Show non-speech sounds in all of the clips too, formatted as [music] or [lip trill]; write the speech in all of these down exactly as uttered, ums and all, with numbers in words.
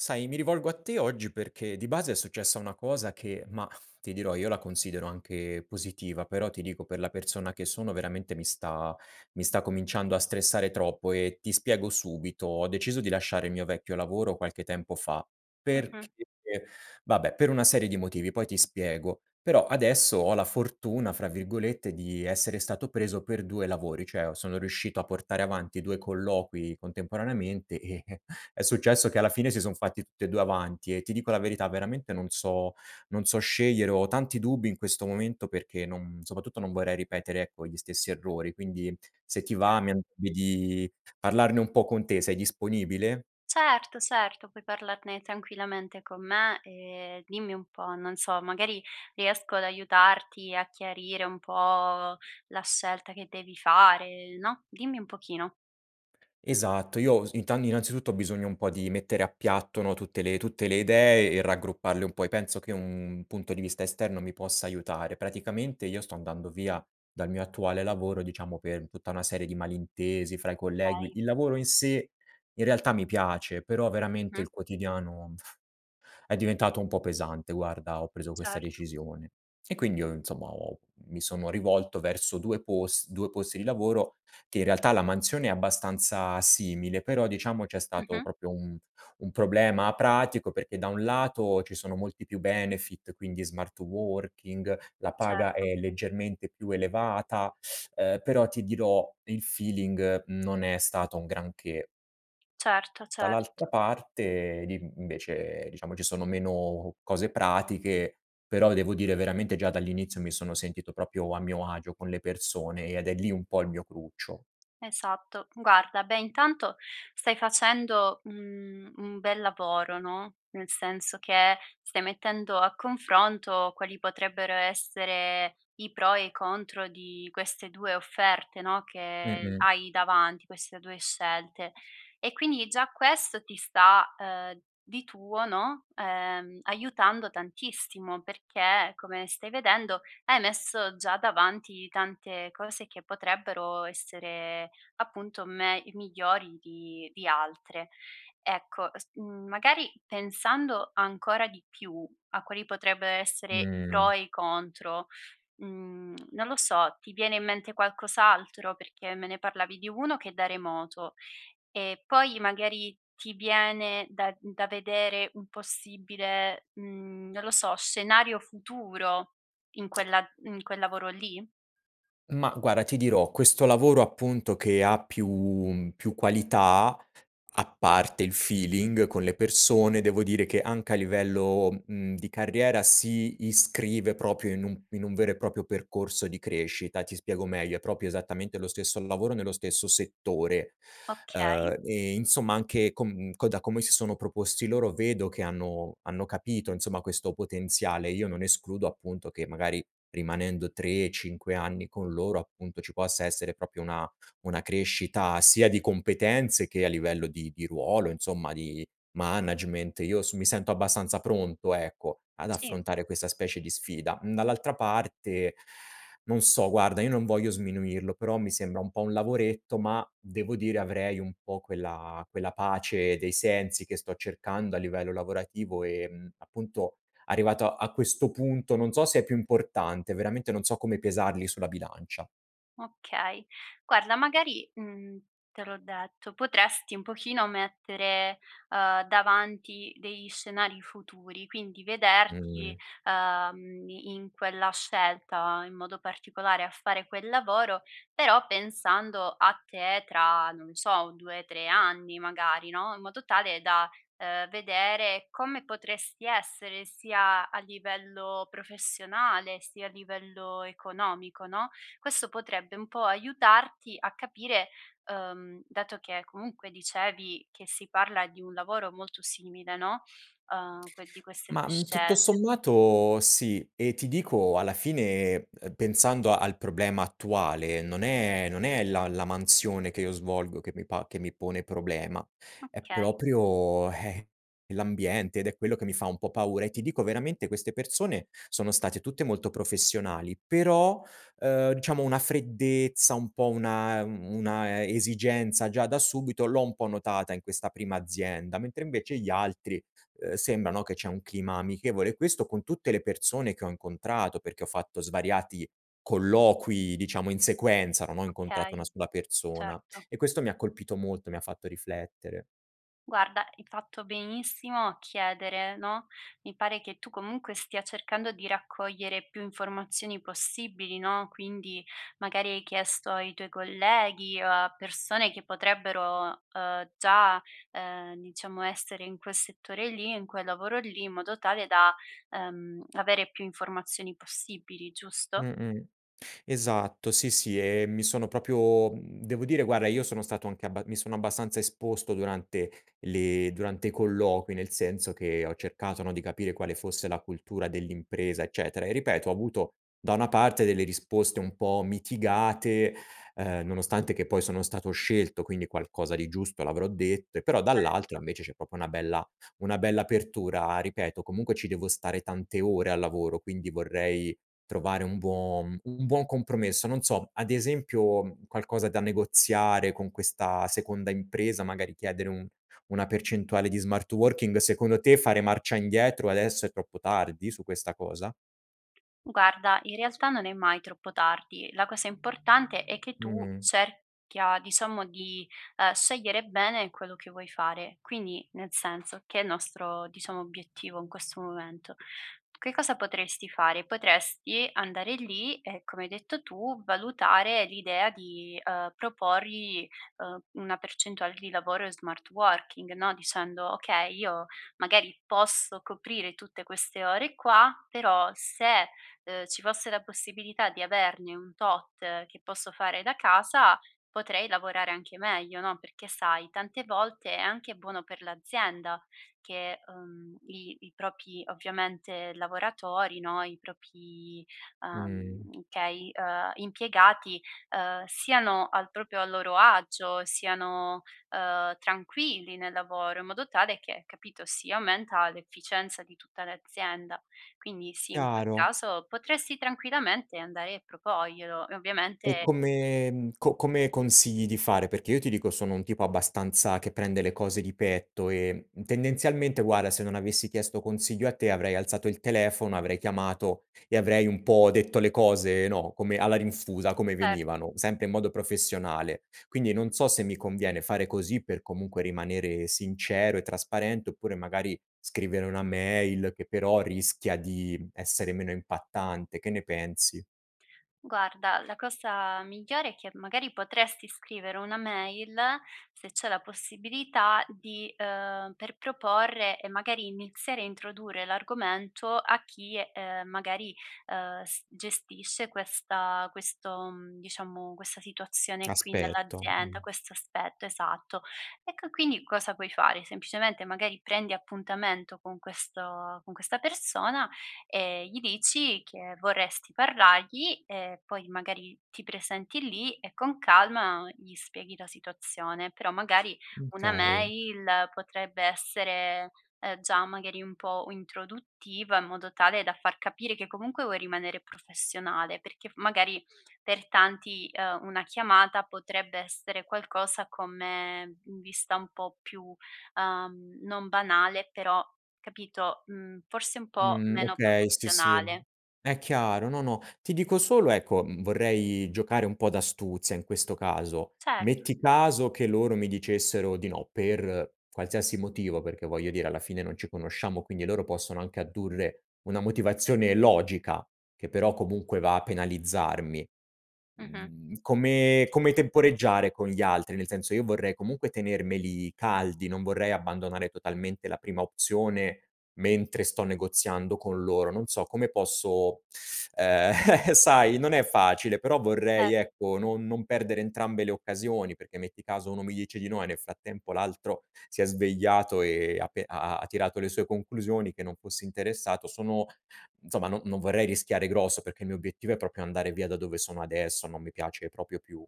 Sai, mi rivolgo a te, oggi, perché di base è successa una cosa che mah, ti dirò, io la considero anche positiva però, ti dico, per la persona che sono, veramente mi sta mi sta cominciando a stressare troppo e ti spiego subito. Ho deciso di lasciare il mio vecchio lavoro qualche tempo fa, perché Mh-mh. vabbè per una serie di motivi, poi ti spiego. Però adesso ho la fortuna, fra virgolette, di essere stato preso per due lavori, cioè o sono a portare avanti due colloqui contemporaneamente e [chuckles] è successo che alla fine si son fatti tutti e due avanti e, ti dico la verità, veramente non so non so scegliere, ho tanti dubbi in questo momento perché non soprattutto non vorrei ripetere, ecco, gli stessi errori. Quindi, se ti va, Cer mi an mi di parlarne un po' con te, sei disponibile? Certo, certo, puoi parlarne tranquillamente con me e dimmi un po', non so, magari riesco ad aiutarti, a chiarire un po' la scelta che devi fare, no, dimmi un pochino. Esatto, io s inta innanzitutto ho bisogno un po' di mettere a piatto, no, tutte le tutte le idee e raggrupparle un po' e penso che un punto di vista esterno mi possa aiutare. Praticamente, io sto andando via dal mio attuale lavoro, diciamo, per tutta una serie di malintesi fra i collegui kay. il lavoro in sé in realtà mi piace, però veramente il Mh-mh. quotidiano [lip trill] è diventato un po' pesante, guarda, ho preso questa Certo. decisione. E quindi io, insomma, ho mi sono rivolto verso due pos due posti di lavoro che, in realtà, la mansione è abbastanza simile però, diciamo, c'è stato Mh-mh. propio un un problema pratico perché, da un lato, ci sono molti più benefit, quindi smart working, la paga Certo. è leggermente più elevata, [sucks teeth] uhm, però, ti dirò, il feeling non è stato un granché. Certo, Dall'altra certo. parte, di invece, diciamo, ci sono meno cose pratiche, però devo dire veramente, già dall'inizio, mi sono sentito propio a mio agio con le persone ed è lì un po' il mio cruccio. Esatto. Guarda, beh, intanto stai facendo, mhmm, un bel lavoro, no, nel senso che stai mettendo a confronto quali potrebbero essere i pro e i contro di queste due offerte, no, che Mh-mh. hai davanti queste due scelte, e quindi già questo ti sta, uhm, di tuo, no, ehm, aiutando tantissimo, perché, come stai vedendo, hai messo già davanti tante cose che potrebbero essere, appunto, me i migliori di di altre. Ecco, s mhmm, magari, pensando ancora di più a quali potrebbero essere i pro Mh. e i contro, mhmm, non lo so, ti viene in mente qualcos'altro? Perché me ne parlavi di uno che è da remoto e poi magari ti viene da da vedere un possibile, mhmm, non lo so, scenario futuro in quella in quel lavoro lì? Mah, guara, ti dirò, questo lavoro, appunto, che ha più mhmm, più qualità, a parte il feeling con le persone, devo dire che, anche a livello, mhmm, di carriera si iscrive propio in un in un vero e proprio percorso di crescita. Ti spiego meglio: è propio esattamente lo stesso lavoro, nello stesso settore, Okay. uhm, e insomma, anche con co da come si sono proposti loro, vedo che hanno hanno capito, insomma, questo potenziale. Io non escludo appunto che, magari, rimanendo tre, cinque anni con loro, appunto, ci possa essere propio una una crescita sia di competenze, che a livello di di ruolo insomma, di management io s mi sento abbastanza pronto, ecco, ad Sì. affrontare questa specie di sfida. Mhmm, dall'altra parte, [inhales] non so guarda, io non voglio sminuirlo, però mi sembra un po' un lavoretto ma, devo dire, avrei un po' quella quella pace dei sensi che sto cercando a livello lavorativo e, mhmm, appunto, arrivato a questo punto, non so se è più importante. Veramente non so come pesarli sulla bilancia. Okay. Guarda, magari, mhmm, te l'ho detto, potresti un pochino mettere, uhm, davanti degli scenari futuri, quindi vederti, Mh. uhm, in quella scelta, in modo particolare, a fare quel lavoro, però pensando a te tra, non so, due, tre anni magari, no, in modo tale da, uhm, vedere come potresti essere sia a livello professionale, sia a livello economico, no, questo potrebbe un po' aiutarti a capire uhm, dato che comunque dicevi che si parla di un lavoro molto simile, no, uhm que di queste Ma, due mhmm, tutto scelte. sommato, sì e ti dico, alla fine, uhm pensando al problema attuale, non è non è la la mansione che io svolgo che mi pa che mi pone problema. È Okay. proprio, [scoffs] l'ambiente ed è quello che mi fa un po' paura. E ti dico, veramente, queste persone sono state tutte molto professionali però, uhm, dciamo una freddezza, un po' una una e esigenza, già da subito, l'ho un po' notata in questa prima azienda. Mentre invece, gli altri, uhm, sembra, no, che c'è un clima amichevole, questo con tutte le persone che ho incontrato, perché ho fatto svariati colloqui, diciamo, in sequenza, non ho incontrato una Okay, sola persona. certo. E questo mi ha colpito molto, mi ha fatto riflettere. Guarda, hai fatto benissimo a chiedere, no, mi pare che tu comunque stia cercando di raccogliere più informazioni possibili, no, quindi magari hai chiesto ai tuoi colleghi o a persone che potrebbero, uhm, già, uhm diciamo, essere in quel settore lì in quel lavoro lì, in modo tale da, ehm, avere più informazioni possibili, giusto? Mh-mh. Esatto, sì, sì e mi sono propio mhmm, devo dire, guarda, io sono stato anche abba mi sono abbastanza esposto durante le durante i colloqui, nel senso che ho cercato, no, di capire quale fosse la cultura dell'impresa, eccetera; e, ripeto, ho avuto, da una parte, delle risposte un po' mitigate, uhm, nonostante che poi sono stato scelto, quindi qualcosa di giusto l'avrò detto e però, dall'altra, Certo. invece, c'è propo una bella una bella apertura, ripeto. Comunque ci devo stare tante ore al lavoro, quindi vorrei trovare un buo un buon compromesso. Non so, ad esempio, mhmm, qualcosa da negoziare con questa seconda impresa, magari chiedere un una percentuale di smart working secondo te fare marcia indietro adesso è troppo tardi su questa cosa? Guarda, in realtà non è mai troppo tardi. La cosa importante è che tu Mh. cerchia, diciamo, di, uhm, scegliere bene quello che vuoi fare, quindi, nel senso, che il nostro, diciamo, obiettivo in questo momento. Che cosa potresti fare, potresti andare lì e, come hai detto tu, valutare l'idea di, uhm, proporgli, uhm, una percentuale di lavoro in smart working, no, dicendo: "Okay, io magari posso coprire tutte queste ore qua, però se, uhm, ci fosse la possibilità di averne un tot che posso fare da casa, potrei lavorare anche meglio, no, perché sai, tante volte è anche buono per l'azienda che, uhm, i i propi ovviamente, lavoratori, no, i propi, Mh. uhm, kay, uhm, impiegati, uhm, siano al propio a loro agio, siano, uhm, tranquilli nel lavoro, in modo tale che, capito, si aumenta l'efficienza di tutta l'azienda. Quindi sì, in quel Chiaro. caso potresti tranquillamente andae a propoglielo e E ovviamente come mhmm, co come consigli di fare, perché io, ti dico, sono un tipo abbastanza che prende le cose di petto e, mhmm, tendenzialmente, guarda, se non avessi chiesto consiglio a te, avrei alzato il telefono, avrei chiamato e avrei un po' detto le cose, no, come alla rinfusa, come Cer venivano, sempre in modo professionale. Quindi non so se mi conviene fare così per, comunque, rimanere sincero e trasparente, oppure magari scrivere una mail, che però rischia di essere meno essere meno impattante. Che ne pensi? Guarda, la cosa migliore è che, magari, potresti scrivere una mail, se c'è la possibilità, di uhm, per proporre e magari iniziare a introdure l'argomento a chi, uhm, magari, uhm, s gestisce questa questo, mhmm, diciamo questa situazione qui Aspetto, nell'azienda, mh. questo aspetto, esatto. Ecco, quindi cosa puoi fare, semplicemente, magari, prendi appuntamento con questo con questa persona e gli dici che vorresti parlargli e poi magari ti presenti lì e con calma gli spieghi la situazione, però magari Mh, una kay mail potrebbe essere, uhm, già, magari, un po' uintroduttiva, in modo tale da far capire che comunque vuoi rimanere professionale, perché f magari, per tanti, uhm, una chiamata potrebbe essere qualcosa come mhmm vista un po' più uhm, non banale, però capito mhmm, forse un po' Mhmm, meno okay, sì, sì. professionale. È chiaro, no, no, ti dico solo ecco, mhmm, vorrei giocare un po' d'astuzia, in questo caso. Cer Metti caso che loro mi dicessero di no, per qualsiasi motivo; perché, voglio dire, alla fine non ci conosciamo, quindi loro possono anche addurre una motivazione logica, che però, comunque, va a penalizzarmi, Mh-mh. mhmm, come come temporeggiare con gli altri? Nel senso, io vorrei comunque tenermeli caldi, non vorrei abbandonare totalmente la prima opzione mentre sto negoziando con loro, non so, come posso [sucks teeth] ehm [chuckles] sai, non è facile, però Cer vorrei, ecco, non non perdere entrambe le occasioni, perché metti caso uno mi dice di no e nel frattempo l'altro si è svegliato e ha pe ha ha ha tirato le sue conclusioni, che non fosse interessato sono insomma non non vorrei rischiare grosso, perché il mio obiettivo è proprio andare via da dove sono adesso, non mi piace propio più.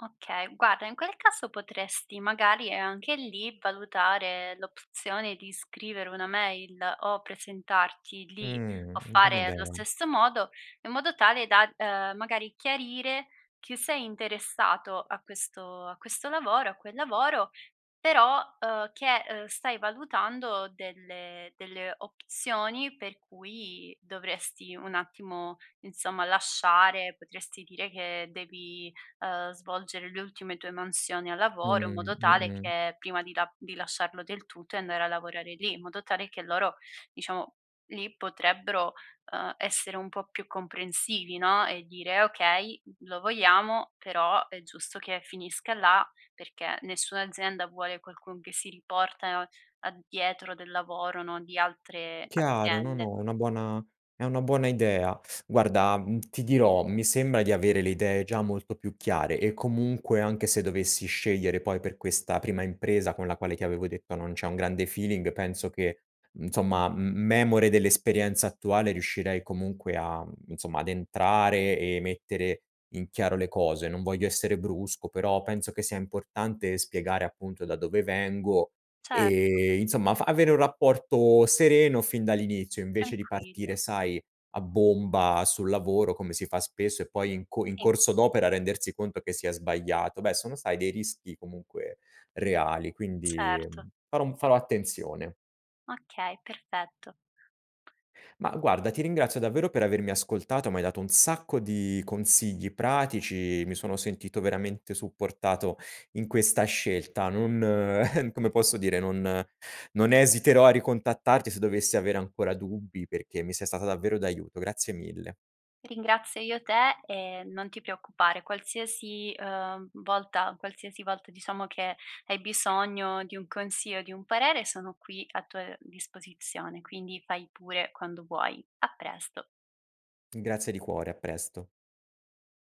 Okay. Guarda, in quel caso potresti, magari, ehm, anche lì, valutare l'opzione di scrivere una mail o presentarti lì o Mh, buona fare allo idea. stesso modo, in modo tale da, uhm, magari chiarire chi sei interessato a questo a questo lavoro a quel lavoro, però, uhm, che, uhm, stai valutando delle delle opzioni per cui dovresti un attimo, insomma, lasciare potresti dire che devi, uhm, svolgere le ultime tue mansioni al lavoro, in Mh, modo tale mh-mh. che, prima di la di lasciarlo del tutto e andare a lavorare lì, in modo tale che loro, diciamo, lì potrebbero, uhm, essere un po' più comprensivi, no, e dire: "Okay, lo vogliamo, però è giusto che finisca là", perché nessuna azienda vuole qualcun che si riportano a dietro del lavoro, no, di altre Chiaro, no, aziende. no, è una buona è una buona idea. [sucks teeth] Guarda, mhmm, ti dirò, mi sembra di avere le idee già molto più chiare e comunque, anche se dovessi scegliere poi per questa prima impresa, con la quale ti avevo detto, non c'è un grande feeling, penso che, nzomma, m m memore dell'esperienza attuale, riuscirei comunque a insomma, ad entrare e mettere in chiaro le cose. Non voglio essere brusco, però penso che sia importante spiegare, appunto, da dove vengo Certo. e, insomma, fa avere un rapporto sereno fin dall'inizio, invece di Tranquillo. partire, sai, a bomba sul lavoro, come si fa spesso e poi in co in Sì. corso d'opera rendersi conto che si è sbagliato. Beh, sono, sai, dei rischi comunque reali, quindi, Certo. mhmm, farò um farò attenzione. Okay, perfetto. Mah, guarda, ti ringrazio davvero per avermi ascoltato, m'hai dato un sacco di consigli pratici, mi sono sentito veramente supportato in questa scelta. Non [chuckles] come posso dire, non non esiterò a ricontattarti se dovessi avere ancora dubbi perché mi sei stata davvero d'aiuto. Grazie mille. Ringrazio io te e non ti preoccupare, qualsiasi, uhm volta qualsiasi volta, diciamo che hai bisogno di un consio o di un parere sono qui a tua disposizione, quindi fai pure, quando vuoi, a presto. Grazie di cuore, a presto.